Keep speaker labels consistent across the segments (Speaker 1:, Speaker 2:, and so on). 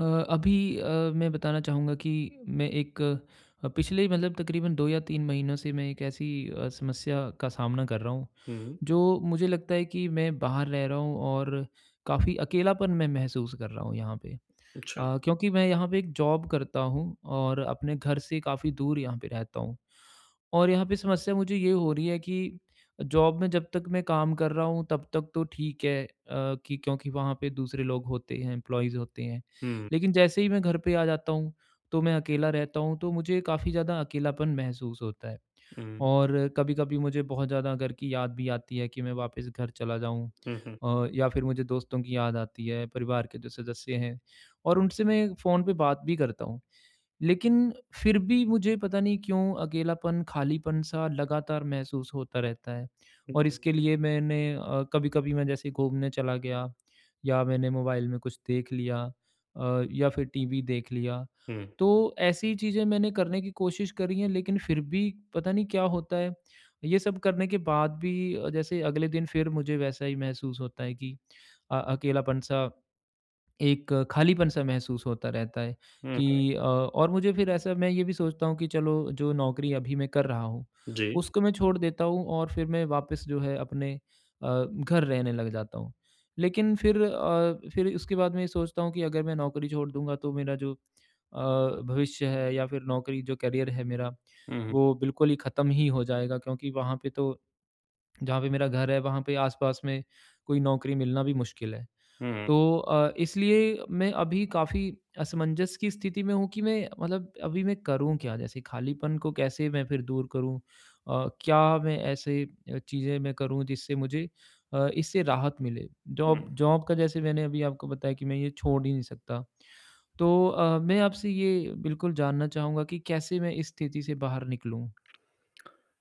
Speaker 1: अ अभी अ, मैं बताना चाहूँगा कि मैं एक अ, पिछले मतलब तकरीबन 2 या 3 महीनों से मैं एक ऐसी अ, समस्या का सामना कर रहा हूँ,
Speaker 2: हुँ।
Speaker 1: जो मुझे लगता है कि मैं बाहर रह रहा हूँ और काफ़ी अकेलापन मैं महसूस कर रहा हूँ यहाँ पे।
Speaker 2: अच्छा।
Speaker 1: अ, क्योंकि मैं यहाँ पे एक जॉब करता हूँ, और अपने घर से काफ़ी दूर यहाँ पे रहता हूँ। और यहाँ पे समस्या मुझे ये हो रही है कि जॉब में जब तक मैं काम कर रहा हूँ तब तक तो ठीक है अ, कि क्योंकि वहाँ पे दूसरे लोग होते हैं एम्प्लॉईज़ होते हैं,
Speaker 2: हुँ।
Speaker 1: लेकिन जैसे ही मैं घर पे आ जाता हूँ, तो मैं अकेला रहता हूँ, तो मुझे काफ़ी ज़्यादा अकेलापन महसूस होता है।
Speaker 2: हुँ।
Speaker 1: और कभी-कभी मुझे बहुत ज़्यादा घर की याद भी आती है कि मैं वापस घर चला जाऊँ,
Speaker 2: हुँ, हुँ।
Speaker 1: अ, या फिर मुझे दोस्तों की याद आती है, परिवार के जो सदस्य हैं और उनसे मैं फ़ोन पे बात भी करता हूँ। लेकिन फिर भी मुझे पता नहीं क्यों अकेलापन खालीपन सा लगातार महसूस होता रहता है
Speaker 2: हुँ,
Speaker 1: और
Speaker 2: हुँ।
Speaker 1: इसके लिए मैंने अ, कभी-कभी मैं जैसे घूमने चला गया या मैंने मोबाइल में कुछ देख लिया अ, या फिर टीवी देख लिया
Speaker 2: हुँ।
Speaker 1: तो ऐसी चीज़ें मैंने करने की कोशिश करी हैं लेकिन फिर भी पता नहीं क्या होता है। ये सब करने के बाद भी अ, जैसे अगले दिन फिर मुझे वैसा ही महसूस होता है कि अ, अकेलापन सा एक खालीपन सा महसूस होता रहता है
Speaker 2: हुँ, हुँ।
Speaker 1: कि अ, और मुझे फिर ऐसा मैं ये भी सोचता हूँ कि चलो जो नौकरी अभी मैं कर रहा हूँ
Speaker 2: जी।
Speaker 1: उसको मैं छोड़ देता हूँ और फिर मैं वापस जो है अपने अ, घर रहने लग जाता हूँ लेकिन फिर अ, फिर उसके बाद मैं ये सोचता हूँ कि अगर मैं नौकरी छोड़ दूँगा तो मेरा जो अ, भविष्य है या फिर नौकरी जो करियर है मेरा
Speaker 2: हुँ, हुँ।
Speaker 1: वो बिल्कुल ही खत्म ही हो जाएगा क्योंकि वहाँ पे तो जहाँ पर मेरा घर है वहाँ पे आस-पास में कोई नौकरी मिलना भी मुश्किल है।
Speaker 2: हुँ।
Speaker 1: तो अ, इसलिए मैं अभी काफ़ी असमंजस की स्थिति में हूँ कि मैं मतलब अभी मैं करूँ क्या? जैसे खालीपन को कैसे मैं फिर दूर करूँ? अ, क्या मैं ऐसे अ, चीज़ें मैं करूँ जिससे मुझे अ, इससे राहत मिले? जॉब
Speaker 2: हुँ।
Speaker 1: जॉब का जैसे मैंने अभी आपको बताया कि मैं ये छोड़ ही नहीं सकता। तो अ, मैं आपसे ये बिल्कुल जानना चाहूँगा कि कैसे मैं इस स्थिति से बाहर निकलूँ?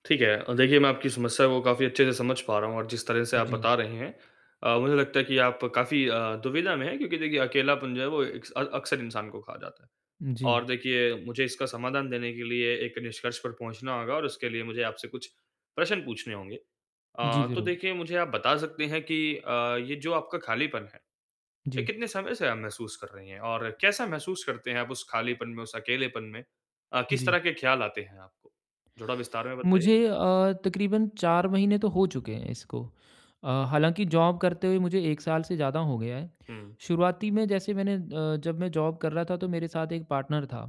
Speaker 2: ठीक है। अ, देखिए मैं आपकी समस्या को काफ़ी अच्छे से समझ पा रहा हूँ और जिस तरह से आप
Speaker 1: जी।
Speaker 2: बता रहे हैं अ, मुझे लगता है कि आप काफ़ी अ, दुविधा में हैं क्योंकि देखिए अकेलापन जो है वो एक्स अक्सर इंसान को खा जाता है।
Speaker 1: जी।
Speaker 2: और देखिए मुझे इसका समाधान देने के लिए एक निष्कर्ष पर पहुँचना होगा और इसके लिए मुझे आपसे कुछ प्रश्न पूछने होंगे।
Speaker 1: जी,
Speaker 2: अ, तो
Speaker 1: ज़रूर।
Speaker 2: देखिए मुझे आप बता सकते हैं कि अ, ये जो आपका खालीपन है, ये
Speaker 1: जी।
Speaker 2: कितने समय से आप महसूस कर रही हैं? और कैसा महसूस करते हैं आप उस खालीपन में, उस अकेलेपन में? अ, किस
Speaker 1: जी।
Speaker 2: तरह के ख़्याल आते हैं आपको? थोड़ा विस्तार में बताइए।
Speaker 1: मुझे अ, तकरीबन 4 महीने तो हो चुके हैं इसको, अ, हालाँकि जॉब करते हुए मुझे 1 साल से ज़्यादा हो गया है।
Speaker 2: हुँ।
Speaker 1: शुरुआती में जैसे मैंने अ, जब मैं जॉब कर रहा था तो मेरे साथ एक पार्टनर था।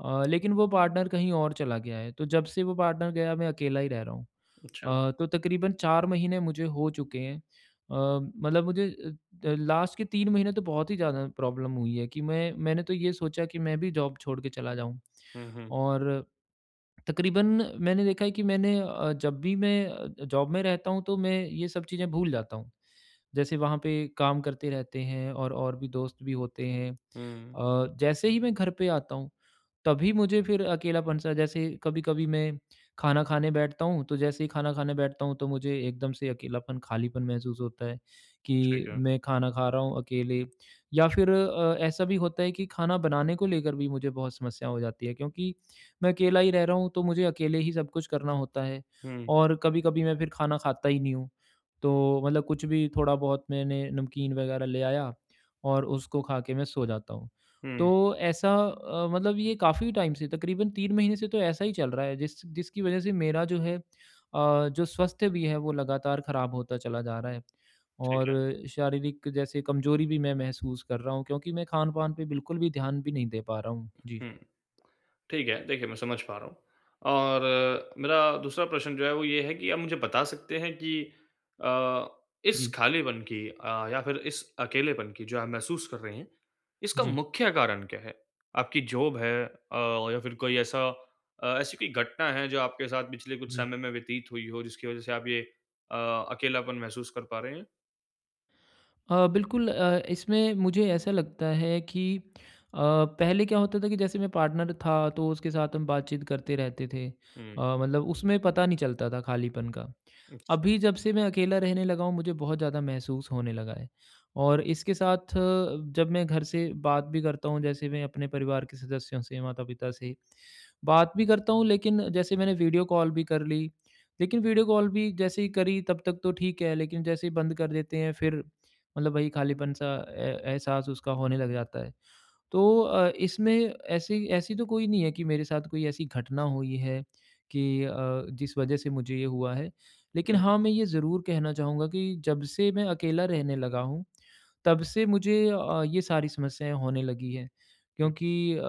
Speaker 1: अ, लेकिन वो पार्टनर कहीं और चला गया है तो जब से वो पार्टनर गया मैं अकेला ही रह रहा हूँ।
Speaker 2: अच्छा।
Speaker 1: अ, तो तकरीबन 4 महीने मुझे हो चुके हैं। अ, मतलब मुझे अ अ, लास्ट के 3 महीने तो बहुत ही ज़्यादा प्रॉब्लम हुई है कि मैं मैंने तो ये सोचा कि मैं भी जॉब छोड़ के चला जाऊँ।
Speaker 2: हुँ, हुँ।
Speaker 1: और, तकरीबन मैंने देखा है कि मैंने अ, जब भी मैं अ, जॉब में रहता हूँ तो मैं ये सब चीज़ें भूल जाता हूँ। जैसे वहाँ पे काम करते रहते हैं और और भी दोस्त भी होते हैं
Speaker 2: हुँ।
Speaker 1: अ, जैसे ही मैं घर पे आता हूँ तभी मुझे फिर अकेलापन सा जैसे कभी-कभी मैं खाना खाने बैठता हूँ तो जैसे ही खाना खाने बैठता हूँ, तो मुझे एकदम से अकेलापन खालीपन महसूस होता है, कि
Speaker 2: ठीक है।
Speaker 1: मैं खाना खा रहा हूँ अकेले। या फिर अ, ऐसा भी होता है कि खाना बनाने को लेकर भी मुझे बहुत समस्या हो जाती है क्योंकि मैं अकेला ही रह रहा हूँ तो मुझे अकेले ही सब कुछ करना होता है।
Speaker 2: हुँ।
Speaker 1: और कभी-कभी मैं फिर खाना खाता ही नहीं हूँ। तो मतलब कुछ भी थोड़ा-बहुत मैंने नमकीन वगैरह ले आया और उसको खा के मैं सो जाता हूँ। तो
Speaker 2: हुँ।
Speaker 1: ऐसा अ, मतलब ये काफ़ी टाइम से तकरीबन 3 महीने से तो ऐसा ही चल रहा है जिस जिसकी वजह से मेरा जो है अ, जो स्वस्थ्य भी है वो लगातार खराब होता चला जा रहा है।
Speaker 2: ठीक
Speaker 1: और
Speaker 2: है।
Speaker 1: शारीरिक जैसे कमजोरी भी मैं महसूस कर रहा हूँ, क्योंकि मैं खान-पान पे बिल्कुल भी ध्यान भी नहीं दे पा रहा हूँ, जी।
Speaker 2: हुँ। ठीक है, देखिए मैं समझ पा रहा हूँ। और मेरा दूसरा प्रश्न जो है वो ये है कि आप मुझे बता सकते हैं कि अ, इस
Speaker 1: जी।
Speaker 2: खालीपन की अ, या फिर इस अकेलेपन की जो आप महसूस कर रहे हैं, इसका
Speaker 1: जी।
Speaker 2: मुख्य कारण क्या है? आपकी जॉब है अ, या फिर कोई ऐसा अ, ऐसी कोई घटना है जो आपके साथ पिछले कुछ
Speaker 1: जी।
Speaker 2: समय में व्यतीत हुई हो जिसकी वजह से आप ये अ, अकेलापन महसूस कर पा रहे हैं?
Speaker 1: अ, बिल्कुल अ, इसमें मुझे ऐसा लगता है कि अ, पहले क्या होता था कि जैसे मैं पार्टनर था तो उसके साथ हम बात-चीत करते रहते थे। अ,
Speaker 2: हुँ।
Speaker 1: मतलब उसमें पता नहीं चलता था खालीपन का।
Speaker 2: अच्छा।
Speaker 1: अभी जब से मैं अकेला रहने लगा हूँ मुझे बहुत ज़्यादा महसूस होने लगा है। और इसके साथ जब मैं घर से बात भी करता हूँ जैसे मैं अपने परिवार के सदस्यों से, माता-पिता से, बात भी करता हूँ लेकिन जैसे मैंने वीडियो कॉल भी कर ली, लेकिन वीडियो कॉल भी जैसे ही करी तब तक तो ठीक है लेकिन जैसे ही बंद कर देते हैं फिर मतलब वही खालीपन-सा ए एहसास उसका होने लग जाता है। तो अ, इसमें ऐसी ऐसी तो कोई नहीं है कि मेरे साथ कोई ऐसी घटना हुई है कि अ, जिस वजह से मुझे ये हुआ है। लेकिन
Speaker 2: हुँ।
Speaker 1: हाँ, मैं ये ज़रूर कहना चाहूँगा कि जब से मैं अकेला रहने लगा हूँ, तब से मुझे अ, ये सारी समस्याएँ होने लगी हैं।
Speaker 2: हुँ।
Speaker 1: क्योंकि अ,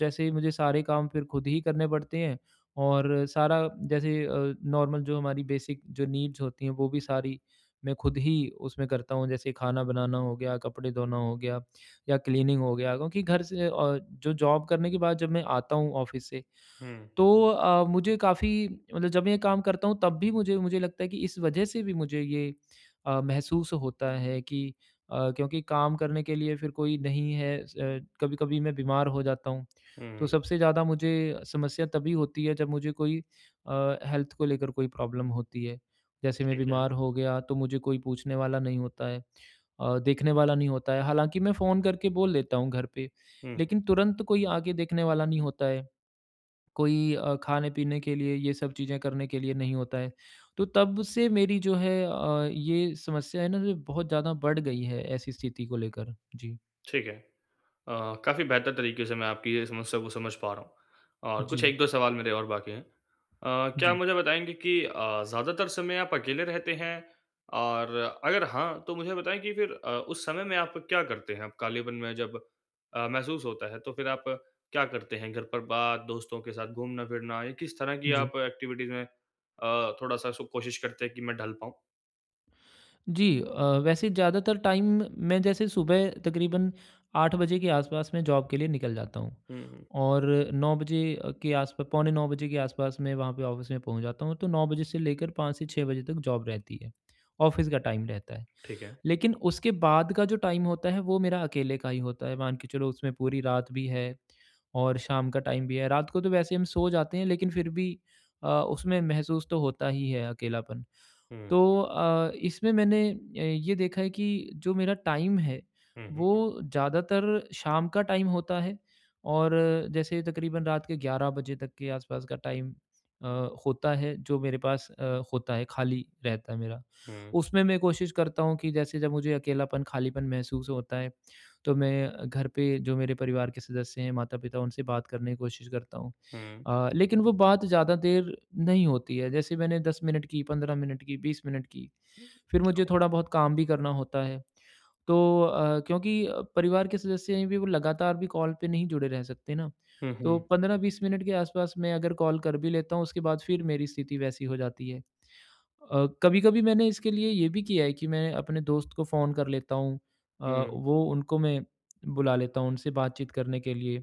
Speaker 1: जैसे मुझे सारे काम फिर खुद ही करने पड़ते हैं और सारा जैसे अ, नॉर्मल जो हमारी बेसिक जो नीड्स होती हैं वो भी सारी मैं खुद ही उसमें करता हूँ। जैसे खाना बनाना हो गया, कपड़े धोना हो गया या क्लीनिंग हो गया। क्योंकि घर से अ जो जॉब करने के बाद जब मैं आता हूँ ऑफिस से
Speaker 2: हुँ।
Speaker 1: तो अ, मुझे काफ़ी मतलब जब मैं ये काम करता हूँ तब भी मुझे मुझे ये लगता है कि इस वजह से भी मुझे ये अ, महसूस होता है कि अ, क्योंकि काम करने के लिए फिर कोई नहीं है। स अ, कभी-कभी मैं बीमार हो जाता हूँ, तो
Speaker 2: हुँ।
Speaker 1: सबसे ज़्यादा मुझे समस्या तभी होती है। जब मुझे कोई अ, हेल्थ को लेकर कोई प्रॉब्लम होती है। जैसे मैं
Speaker 2: ठीक है।
Speaker 1: बीमार हो गया तो मुझे कोई पूछने वाला नहीं होता है अ, देखने वाला नहीं होता है। हालाँकि मैं फ़ोन करके बोल देता हूँ घर पे,
Speaker 2: हुँ।
Speaker 1: लेकिन तुरंत कोई आके देखने वाला नहीं होता है। कोई अ, खाने-पीने के लिए ये सब चीज़ें करने के लिए नहीं होता है। तो तब से मेरी जो है अ, ये समस्या है ना जो, बहुत ज़्यादा बढ़ गई है ऐसी स्थिति को लेकर। जी।
Speaker 2: ठीक है। अ, काफ़ी बेहतर तरीके से मैं आपकी ये समस्या को समझ पा रहा हूँ और कुछ
Speaker 1: जी।
Speaker 2: 1-2 सवाल मेरे और बाकी है। अ, क्या
Speaker 1: जी।
Speaker 2: मुझे बताएँगे कि अ, ज़्यादातर समय आप अकेले रहते हैं? और अगर हाँ, तो मुझे बताएँ कि फिर अ, उस समय में आप क्या करते हैं? कालिबन में जब अ, महसूस होता है तो फिर आप क्या करते हैं घर पर बात, दोस्तों के साथ घूमना-फिरना, या किस तरह की
Speaker 1: जी।
Speaker 2: आप एक्टिविटीज में अ, थोड़ा-सा सु कोशिश करते हैं कि मैं ढल पाऊँ?
Speaker 1: जी अ, वैसे ज़्यादातर टाइम मैं जैसे सुबह तकरीबन 8 बजे के आस-पास मैं जॉब के लिए निकल जाता हूँ।
Speaker 2: हुँ, हुँ।
Speaker 1: और 9 बजे के आस-पा पौने 9 बजे के आस-पास में वहाँ पे ऑफिस में पहुँच जाता हूँ तो 9 बजे से लेकर 5 से 6 बजे तक जॉब रहती है, ऑफिस का टाइम रहता है।
Speaker 2: ठीक है।
Speaker 1: लेकिन उसके बाद का जो टाइम होता है वो मेरा अकेले का ही होता है मान के चलो उसमें पूरी रात भी है और शाम का टाइम भी है रात को तो वैसे हम सो जाते हैं लेकिन फिर भी अ, उसमें महसूस तो होता ही है अकेलापन।
Speaker 2: हुँ।
Speaker 1: तो अ, इसमें मैंने ए, ये देखा है कि जो मेरा टाइम है
Speaker 2: हुँ, हुँ।
Speaker 1: वो ज़्यादातर शाम का टाइम होता है और जैसे तकरीबन रात के 11 तक के आस-पास का टाइम अ, होता है जो मेरे पास अ, होता है खाली रहता है मेरा,
Speaker 2: हुँ।
Speaker 1: उसमें मैं कोशिश करता हूँ कि जैसे जब मुझे अकेलापन, खालीपन महसूस होता है तो मैं घर पे जो मेरे परिवार के सदस्य हैं, माता-पिता उनसे बात करने की कोशिश करता हूँ,
Speaker 2: हुँ।
Speaker 1: अ, लेकिन वो बात ज़्यादा देर नहीं होती है। जैसे मैंने 10 मिनट की, 15 मिनट की, 20 मिनट की, फिर मुझे
Speaker 2: [unintelligible]
Speaker 1: थोड़ा-बहुत काम भी करना होता है। तो अ, क्योंकि परिवार के सदस्य हैं भी वो लगातार भी कॉल पे नहीं जुड़े रह सकते ना
Speaker 2: हुँ,
Speaker 1: तो
Speaker 2: हुँ।
Speaker 1: 15-20 मिनट के आस-पास मैं अगर कॉल कर भी लेता हूँ उसके बाद फिर मेरी स्थिति वैसी हो जाती है। अ, कभी-कभी मैंने इसके लिए ये भी किया है कि मैं अपने दोस्त को फ़ोन कर लेता हूँ अ,
Speaker 2: हुँ।
Speaker 1: वो उनको मैं बुला लेता हूँ, उनसे बातचीत करने के लिए।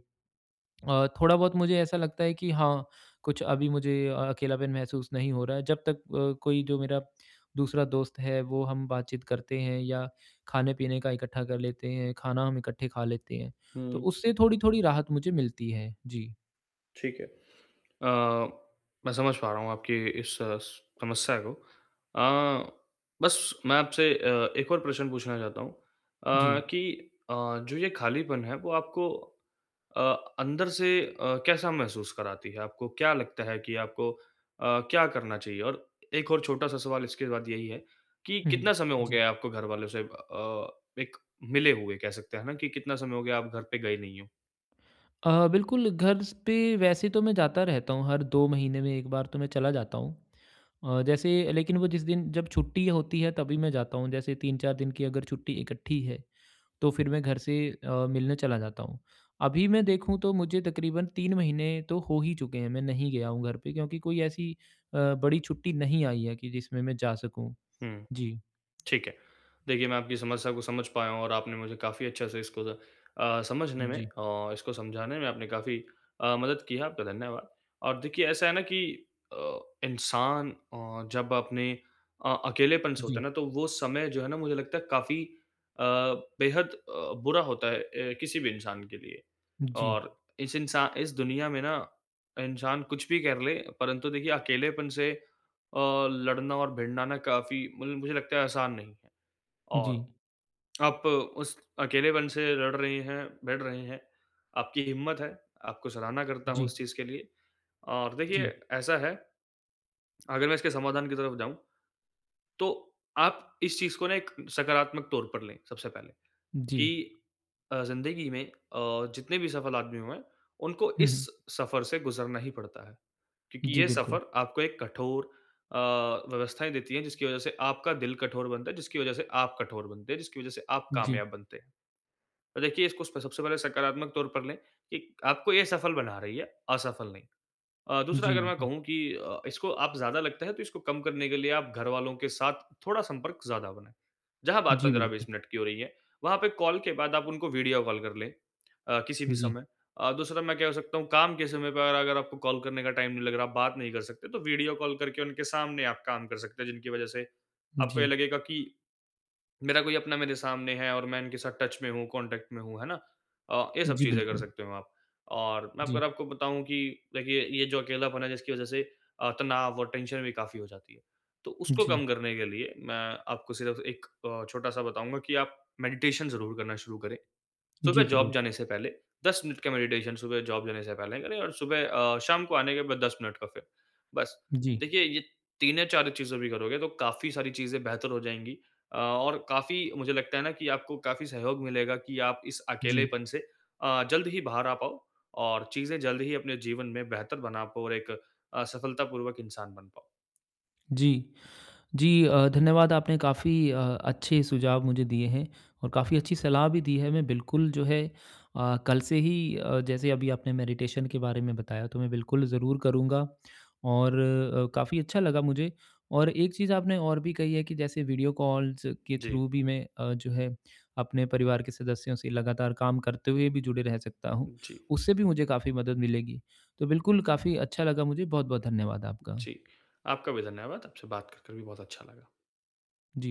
Speaker 1: अ, थोड़ा-बहुत मुझे ऐसा लगता है कि हाँ, कुछ अभी मुझे अ अकेलापन महसूस नहीं हो रहा है जब तक अ, कोई जो मेरा दूसरा दोस्त है वो हम बातचीत करते हैं या खाने-पीने का इकट्ठा कर लेते हैं, खाना हम इकट्ठे खा लेते हैं। तो
Speaker 2: हुँ।
Speaker 1: उससे थोड़ी-थोड़ी राहत मुझे मिलती है। जी।
Speaker 2: ठीक है। अ, मैं समझ पा रहा हूँ आपकी इस स समस्या को। अ, बस मैं आपसे अ, एक और प्रश्न पूछना चाहता हूँ। अ,
Speaker 1: जी।
Speaker 2: कि अ, जो ये खालीपन है वो आपको अ, अंदर से अ, कैसा महसूस कराती है? आपको क्या लगता है कि आपको अ, क्या करना चाहिए? और एक और छोटा-सा सवाल इसके बाद यही है कि
Speaker 1: हुँ।
Speaker 2: कितना समय हो
Speaker 1: जी।
Speaker 2: गया है आपको घरवालों से अ, एक मिले हुए? कह सकते हैं ना कि कितना समय हो गया आप घर पे गए नहीं हो?
Speaker 1: अ, बिल्कुल। घर स पे वैसे तो मैं जाता रहता हूँ हर 2 महीने में 1 बार तो मैं चला जाता हूँ। अ, जैसे लेकिन वो जिस दिन जब छुट्टी होती है तभी मैं जाता हूँ। जैसे 3-4 दिन की अगर छुट्टी इकट्ठी है तो फिर मैं घर से अ, मिलने चला जाता हूँ। अभी मैं देखूँ तो मुझे तकरीबन 3 महीने तो हो ही चुके हैं मैं नहीं गया हूँ घर पे क्योंकि कोई ऐसी अ, बड़ी छुट्टी नहीं आई है कि जिसमें मैं जा सकूँ।
Speaker 2: हुँ।
Speaker 1: जी।
Speaker 2: ठीक है। देखिए मैं आपकी समस्या को समझ पाया हूँ। और आपने मुझे काफ़ी अच्छे से इसको द अ, समझने में
Speaker 1: जी।
Speaker 2: और इसको समझाने में आपने काफ़ी अ, मदद की है, आपका धन्यवाद। और देखिए ऐसा है ना कि अ, इंसान अ, जब अपने अ, अकेलेपन से होता है
Speaker 1: जी।
Speaker 2: ना तो वो समय जो है ना मुझे लगता है काफ़ी अ, बेहद अ, बुरा होता है अ, किसी भी इंसान के लिए।
Speaker 1: जी।
Speaker 2: और इस इंसा इस दुनिया में ना इंसान कुछ भी कर ले परंतु देखिए अकेलेपन से अ, लड़ना और भिड़ना ना काफ़ी मल मुझे लगता है आसान नहीं है। और
Speaker 1: जी।
Speaker 2: आप उस अकेलेपन से लड़ रही हैं, भीड़ रही हैं, आपकी हिम्मत है। आपको सराहना करता हूँ
Speaker 1: जी
Speaker 2: उस चीज़ के लिए। और देखिए
Speaker 1: जी।
Speaker 2: ऐसा है अगर मैं इसके समाधान की तरफ जाऊँ तो आप इस चीज़ को ना एक सकारात्मक तौर पर लें, सबसे पहले।
Speaker 1: जी
Speaker 2: कि अ, जिंदगी में अ, जितने भी सफल आदमी हुए है उनको
Speaker 1: हुँ,
Speaker 2: इस
Speaker 1: हुँ।
Speaker 2: सफर से गुज़रना ही पड़ता है। क्योंकि
Speaker 1: जी,
Speaker 2: ये
Speaker 1: बिल्कुल।
Speaker 2: सफर आपको एक कठोर अ, व्यवस्थाएँ देती है जिसकी वजह से आपका दिल कठोर बनता है जिसकी वजह से आप कठोर बनते हैं, जिसकी वजह से आप
Speaker 1: जी।
Speaker 2: कामयाब बनते हैं। देखिए इसको स सबसे पहले सकारात्मक तौर पर लें। एक आपको ये सफल बना रही है, असफल नहीं। अ, दूसरा
Speaker 1: जी,
Speaker 2: अगर मैं
Speaker 1: बिल्कुल।
Speaker 2: कहूँ कि अ, इसको आप ज़्यादा लगता है तो इसको कम करने के लिए आप घरवालों के साथ थोड़ा संपर्क ज़्यादा बनाए। जहाँ बात
Speaker 1: जी, बिल्कुल।
Speaker 2: 15-20 मिनट की हो रही है, वहाँ पे कॉल के बाद आप उनको वीडियो कॉल कर लें अ, किसी भी
Speaker 1: जी।
Speaker 2: समय। अ, दूसरा मैं क्या हो सकता हूँ काम के समय पर अगर आपको कॉल करने का टाइम नहीं लग रहा, आप बात नहीं कर सकते तो वीडियो कॉल करके उनके सामने आप काम कर सकते हैं, जिनकी वजह से आपको ये
Speaker 1: जी।
Speaker 2: लगेगा कि मेरा कोई अपना मेरे सामने है और मैं इनके साथ टच में हूँ, कॉन्टैक्ट में हूँ। है ना? अ, ये सब
Speaker 1: जी,
Speaker 2: चीज़ें कर
Speaker 1: बिल्कुल।
Speaker 2: सकते हो आप। और मैं अगर
Speaker 1: जी।
Speaker 2: आपको बताऊँ कि देखिए ये जो अकेलापन है जिसकी वजह से अ, तनाव और टेंशन भी काफ़ी हो जाती है। तो उसको
Speaker 1: जी।
Speaker 2: कम करने के लिए मैं आपको सिर्फ एक अ, छोटा-सा बताऊँगा कि आप मेडिटेशन ज़रूर करना शुरू करें।
Speaker 1: जी,
Speaker 2: सुबह जॉब
Speaker 1: ज़रूर।
Speaker 2: जाने से पहले 10 मिनट का मेडिटेशन सुबह जॉब जाने से पहले करें और सुबह अ, शाम को आने के बाद 10 मिनट का फिर। बस
Speaker 1: जी।
Speaker 2: देखिए ये 3 या 4 चीज़ें भी करोगे तो काफ़ी सारी चीज़ें बेहतर हो जाएँगी। अ, और काफ़ी मुझे लगता है ना कि आपको काफ़ी सहयोग मिलेगा कि आप इस
Speaker 1: जी।
Speaker 2: अकेलेपन से अ, जल्द ही बाहर आ पाओ और चीज़ें जल्द ही अपने जीवन में बेहतर बना पाओ और एक अ, सफलतापूर्वक इंसान बन पाओ।
Speaker 1: जी। जी अ, धन्यवाद आपने काफ़ी अ, अच्छे सुझाव मुझे दिए हैं। और काफ़ी अच्छी सलाह भी दी है। मैं बिल्कुल जो है अ, कल से ही अ, जैसे अभी आपने मैडिटेशन के बारे में बताया तो मैं बिल्कुल ज़रूर करूँगा। और अ, काफ़ी अच्छा लगा मुझे। और एक चीज़ आपने और भी कही है कि जैसे वीडियो कॉल्स के
Speaker 2: जी।
Speaker 1: थ्रू भी मैं अ, जो है अपने परिवार के सदस्यों से लगातार काम करते हुए भी जुड़े रह सकता हूँ।
Speaker 2: जी।
Speaker 1: उससे भी मुझे काफ़ी मदद मिलेगी। तो बिल्कुल काफ़ी अच्छा लगा मुझे। बहुत-बहुत धन्यवाद आपका।
Speaker 2: जी। आपका भी धन्यवाद। आपसे बात करके भी बहुत अच्छा लगा।
Speaker 1: जी।